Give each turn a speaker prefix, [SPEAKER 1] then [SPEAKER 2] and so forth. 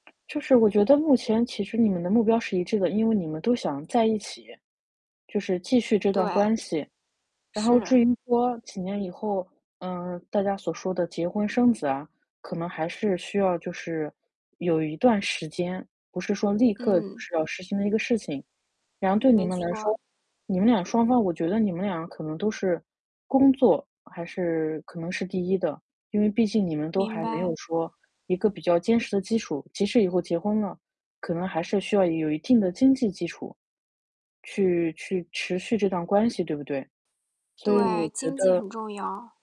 [SPEAKER 1] 就是我觉得目前其实你们的目标是一致的，因为你们都想在一起，就是继续这段
[SPEAKER 2] 对。
[SPEAKER 1] 关系。然后
[SPEAKER 2] 是。
[SPEAKER 1] 至于说几年以后，嗯，大家所说的结婚生子啊，可能还是需要就是有一段时间，不是说立刻就
[SPEAKER 2] 嗯。
[SPEAKER 1] 是要实行的一个事情。然后对你
[SPEAKER 2] 没
[SPEAKER 1] 们来说，
[SPEAKER 2] 错。
[SPEAKER 1] 你们俩双方我觉得你们俩可能都是工作，还是可能是第1的。因为毕竟你们都
[SPEAKER 2] 明
[SPEAKER 1] 还没
[SPEAKER 2] 白。
[SPEAKER 1] 有说一个比较坚实的基础，即使以后结婚了，可能还是需要有一定的经济基础，去去持续这段关系，对不对？所以我
[SPEAKER 2] 对，
[SPEAKER 1] 觉
[SPEAKER 2] 经济
[SPEAKER 1] 得
[SPEAKER 2] 很重要。